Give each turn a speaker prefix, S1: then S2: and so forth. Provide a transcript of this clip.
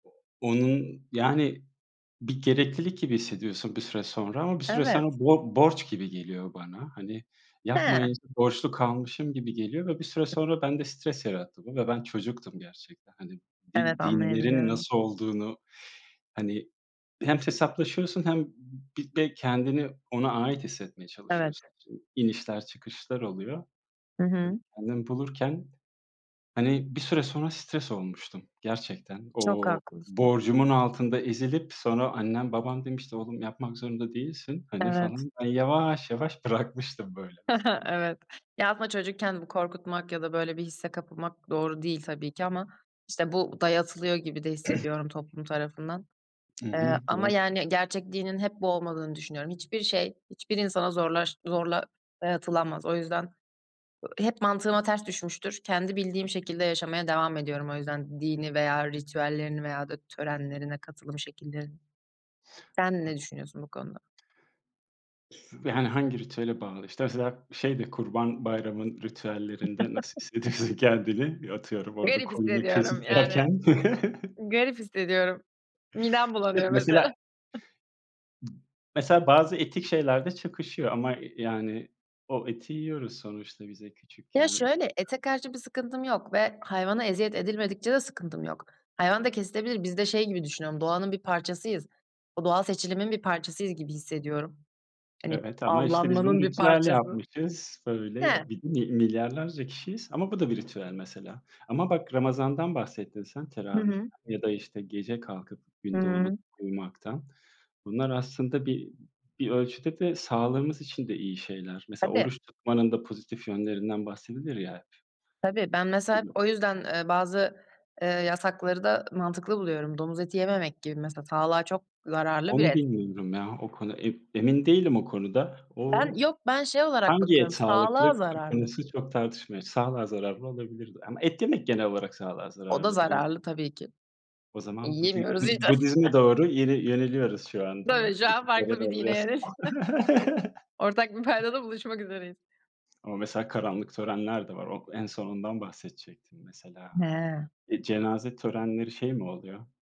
S1: Onun yani bir gereklilik gibi hissediyorsun bir süre sonra. Ama bir süre
S2: Evet.
S1: sonra bor borç gibi geliyor bana. Hani,
S2: He.
S1: yapmayınca borçlu kalmışım gibi geliyor ve bir süre sonra bende stres yarattı bu. Ve ben çocuktum gerçekten. Hani
S2: Evet,
S1: di dinlerin
S2: anlayabiliyorum.
S1: nasıl olduğunu, hani, hem hesaplaşıyorsun hem bir de kendini ona ait hissetmeye
S2: Evet.
S1: çalışıyorsun. İnişler çıkışlar oluyor.
S2: Hı
S1: Böyle,
S2: hı.
S1: kendimi bulurken, hani, bir süre sonra stres olmuştum gerçekten.
S2: Çok
S1: O
S2: haklısın.
S1: borcumun altında ezilip sonra annem babam demişti: "Oğlum yapmak zorunda değilsin." hani,
S2: Evet.
S1: falan. Ben yavaş yavaş bırakmıştım böyle mesela.
S2: Evet. Ya ama çocukken bu korkutulmak ya da böyle bir hisse kapılmak doğru değil tabii ki ama işte bu dayatılıyor gibi de hissediyorum toplum tarafından.
S1: Hı
S2: Eee,
S1: hı,
S2: ama
S1: doğru.
S2: yani gerçek dinin hep bu olmadığını düşünüyorum. Hiçbir şey hiçbir insana zorlaş zorla dayatılamaz. O yüzden, ııı, hep mantığıma ters düşmüştür. Kendi bildiğim şekilde yaşamaya devam ediyorum o yüzden dini veya ritüellerini veya da törenlerine katılım şekillerini. Sen ne düşünüyorsun bu konuda?
S1: [unintelligible] Yani hangi ritüele bağlı işte mesela şeyde Kurban Bayramı'nın ritüellerinde nasıl hissediyorsun kendini? Atıyorum orada
S2: Garip
S1: koyunu
S2: hissediyorum
S1: kesip
S2: yani.
S1: yerken.
S2: Garip hissediyorum. Midem
S1: İşte
S2: bulanıyor
S1: mesela
S2: mesela.
S1: Mesela bazı etik şeylerde çakışıyor. Ama y yani o eti yiyoruz sonuçta bize
S2: Ya
S1: küçükken
S2: şöyle,
S1: orada
S2: ete karşı bir sıkıntım yok ve hayvana eziyet edilmedikçe de sıkıntım yok. Hayvan da kesilebilir. Biz de şey gibi düşünüyorum, doğanın bir parçasıyız. O doğal seçilimin bir parçasıyız gibi hissediyorum. Hani
S1: Evet ama işte biz bunu
S2: avlanmanın bir
S1: ritüel
S2: parçası.
S1: yapmışız.
S2: He.
S1: Böyle bir mil milyarlarca kişiyiz. Ama bu da bir ritüel mesela. Ama bak Ramazan'dan bahsettin sen,
S2: Hı hı.
S1: teravihten ya da işte gece kalkıp gün doğmadan
S2: Hıı.
S1: uyumaktan. Bunlar aslında bir, bir ölçüde de sağlığımız için de iyi şeyler. Mesela
S2: Tabii.
S1: oruç tutmanın da pozitif yönlerinden bahsedilir ya.
S2: Tabii, ben mesela hep
S1: Tabii.
S2: o yüzden, eee, bazı, eee, yasakları da mantıklı buluyorum. Domuz eti yememek gibi mesela. Sağlığa çok zararlı bir
S1: Onu
S2: et.
S1: bilmiyorum ya, o konu. E emin değilim o konuda.
S2: Ben
S1: O
S2: yok, ben şey olarak
S1: Hangi
S2: bakıyorum.
S1: et sağlıklı
S2: Sağlığa
S1: ko
S2: zararlı.
S1: konusu çok tartışmalı. Sağlığa zararlı olabilir de. Ama et yemek genel olarak sağlığa
S2: O da
S1: zararlı biraz.
S2: zararlı tabii ki.
S1: O zaman Budi
S2: Yiyemiyoruz
S1: Budi
S2: işte.
S1: Budizm'e doğru yine, yöneliyoruz şu anda.
S2: Tabii şu an farklı bir dine yöneldik.
S1: [unintelligible]
S2: Ortak bir paydada buluşmak üzereyiz.
S1: Ama mesela karanlık törenler de var. O en son ondan bahsedecektim mesela.
S2: He.
S1: Eee, cenaze törenleri şey mi oluyor?